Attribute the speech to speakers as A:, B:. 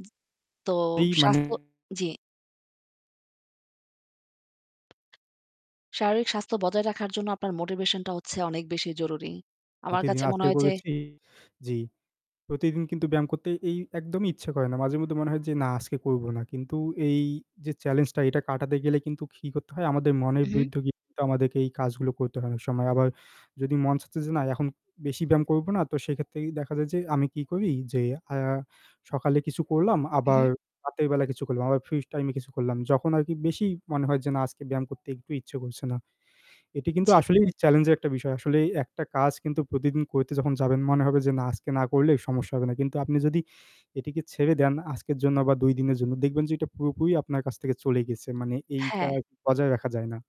A: জ্বি তো
B: এই মানে
A: স্বাস্থ্য জ্বি। শারীরিক স্বাস্থ্য বজায় রাখার জন্য আপনার মোটিভেশন টা হচ্ছে অনেক বেশি জরুরি। আমার
B: প্রতিদিন
A: কাছে মনে
B: আজকে
A: হয় যে
B: করেছি জ্বি। প্রতিদিন কিন্তু ব্যায়াম করতে এই একদমই ইচ্ছা করে না। মাঝে মধ্যে মনে হয় যে না আজকে করবো না। কিন্তু এই যে চ্যালেঞ্জ টা এটা কাটাতে গেলে কিন্তু কি করতে হয় আমাদের মনের
A: হু, হু।
B: বিরুদ্ধে গিয়ে আমাদেরকে এই কাজগুলো করতে হয় অনেক সময়। আবার যদি মন চাচ্ছে যে না এখন বেশি ব্যায়াম করবো না তো সেক্ষেত্রে দেখা যায় যে আমি কি করি যে আ সকালে কিছু করলাম
A: হু,
B: আবার
A: হু।
B: রাতের বেলা কিছু করলাম আবার ফ্রি টাইম কিছু করলাম। যখন আরকি বেশি মনে হয় যে না আজকে ব্যায়াম করতে একটু ইচ্ছে করছে না। এটি কিন্তু
A: জ্বী।
B: আসলেই চেলেঞ্জ এর একটা বিষয়। আসলে ১ টা কাজ কিন্তু প্রতিদিন করতে যখন যাবেন মনে হবে যে না আজকে না করলে সমস্যা হবে না। কিন্তু আপনি যদি এটিকে ছেড়ে দেন আজকের জন্য বা ২ দিনের জন্য দেখবেন যে এটা পুরোপুরি আপনার কাছ থেকে চলে গেছে। মানে এইটা
A: হ্যাঁ।
B: বজায় রাখা যায় না।